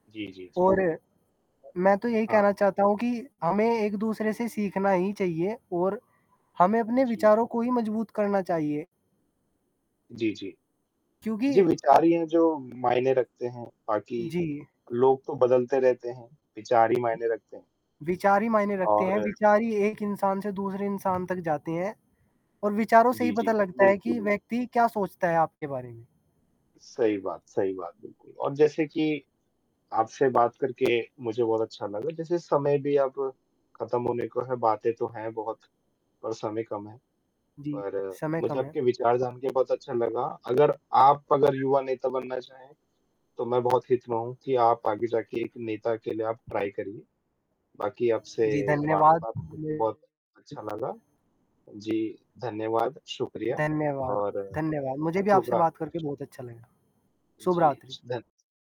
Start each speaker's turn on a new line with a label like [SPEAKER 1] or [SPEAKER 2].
[SPEAKER 1] जी, जी, जी।
[SPEAKER 2] और, मैं तो यही
[SPEAKER 1] हाँ।
[SPEAKER 2] कहना चाहता हूँ कि हमें एक-दूसरे से सीखना ही चाहिए और हमें
[SPEAKER 1] अ,
[SPEAKER 2] अपने
[SPEAKER 1] जी।
[SPEAKER 2] विचारों को ही मजबूत करना चाहिए।
[SPEAKER 1] जी, जी,
[SPEAKER 2] क्योंकि
[SPEAKER 1] जी, विचार ही हैं जो मायने रखते हैं, बाकी
[SPEAKER 2] जी।
[SPEAKER 1] लोग तो बदलते रहते हैं, विचार ही मायने रखते हैं।
[SPEAKER 2] विचार ही मायने रखते हैं,
[SPEAKER 1] और
[SPEAKER 2] विचारी ही एक इंसान से दूसरे इंसान तक जाते हैं और विचारों से ही
[SPEAKER 1] जी, जी।
[SPEAKER 2] पता लगता है
[SPEAKER 1] बिल्कुल,
[SPEAKER 2] कि
[SPEAKER 1] बिल
[SPEAKER 2] व्यक्ति क्या सोचता है आपके बारे में।
[SPEAKER 1] सही बात, सही बात बिल्कुल, और जैसे कि आपसे बात करके मुझे बहुत अच्छा लगा जैसे समय भी अब ख़त्म होने को है बातें तो हैं बहुत पर समय कम है,
[SPEAKER 2] जी,
[SPEAKER 1] पर
[SPEAKER 2] समय
[SPEAKER 1] मुझे
[SPEAKER 2] कम है।
[SPEAKER 1] आपके विचार जानके बहुत अच्छा लगा अगर आप अगर युवा नेता बनना चाहें तो मैं बहुत हित में हूँ कि आप आगे जाके एक नेता के लिए आप ट्राय करिए बाकी आपसे
[SPEAKER 2] जी, धन्यवाद,
[SPEAKER 1] वार्तालाप करके
[SPEAKER 2] मे
[SPEAKER 1] बहुत अच्छा लगा, जी धन्यवाद, शुक्रिया
[SPEAKER 2] धन्यवाद,
[SPEAKER 1] और
[SPEAKER 2] धन्यवाद, मुझे भी
[SPEAKER 1] शुभ
[SPEAKER 2] आपसे
[SPEAKER 1] रा
[SPEAKER 2] बात करके बहुत अच्छा लगा, सुबह
[SPEAKER 1] जी,
[SPEAKER 2] रात्रि।
[SPEAKER 1] शुधन